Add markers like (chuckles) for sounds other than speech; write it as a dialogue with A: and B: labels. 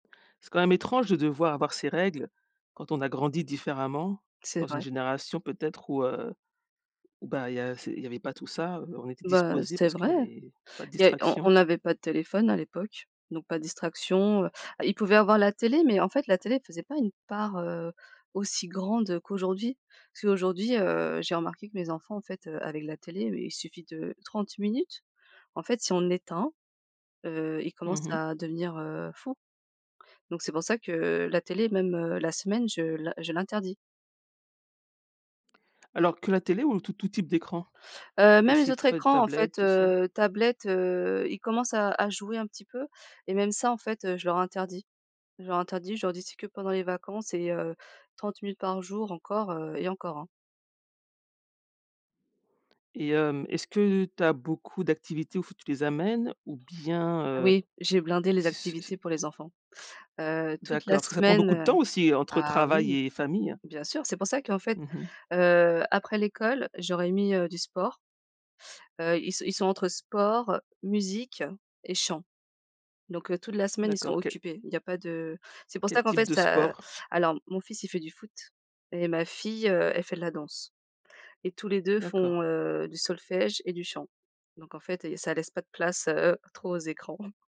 A: C'est quand même étrange de devoir avoir ces règles quand on a grandi différemment dans
B: C'est
A: une
B: vrai.
A: génération peut-être où heu, ou ben, il y a il y avait pas tout ça, heu, on était
B: Bah,
A: disposés
B: c'est
A: parce qu'il
B: vrai.
A: y avait pas de
B: Il y a on
A: distraction.
B: on avait pas de téléphone à l'époque, donc pas de distraction. Heu, il pouvait avoir la télé, mais en fait la télé, elle faisait pas une part, heu, aussi grande qu'aujourd'hui. Parce qu'aujourd'hui, heu, j'ai remarqué que mes enfants en fait, heu, avec la télé il suffit de 30 minutes. En fait, si on éteint, heu, ils
A: Mmh
B: commencent
A: mh.
B: à devenir, heu, fous. Donc, c'est pour ça que la télé même, heu, la semaine je l' je l'interdis.
A: Alors, que la télé ou tout tout type d'écran?
B: Heu, même les autres
A: (unintelligible)
B: écrans en
A: tablette
B: fait,
A: tout ça.
B: heu, tablettes, heu, ils commencent à à jouer un petit peu et même ça en fait, je leur interdis. Je leur interdis, je leur dis: «C'est que pendant les vacances et heu, 30 minutes par jour», encore, heu, et encore, hein?
A: Et hem, est-ce que tu as beaucoup d'activités où il faut que tu les amènes? Ou bien, heu,
B: Oui, j'ai blindé les
A: c' c' c'
B: activités pour les enfants. Heu, toute la
A: D'accord, parce que ça prend
B: semaine,
A: beaucoup de
B: heu
A: temps aussi entre
B: ah
A: travail
B: oui
A: et famille.
B: bien sûr c'est pour ça qu'en fait,
A: Mmh mh.
B: heu, après l'école je leur ai mis, heu, du sport. Heu, ils sont ils sont entre sport, musique et chant. Donc, heu, toute la semaine ils sont
A: D'accord, quel
B: occupés. Il y a pas de c'est pour
A: quel
B: ça qu'en
A: type
B: fait
A: de
B: ça
A: sport?
B: alors mon mon fils, il fait du foot et ma fille heu, elle fait de la danse. Et tous les 2 font
A: D'accord.
B: heu, du solfège et du chant. Donc, en fait et ça laisse pas de place, heu, heu, trop aux écrans. (chuckles)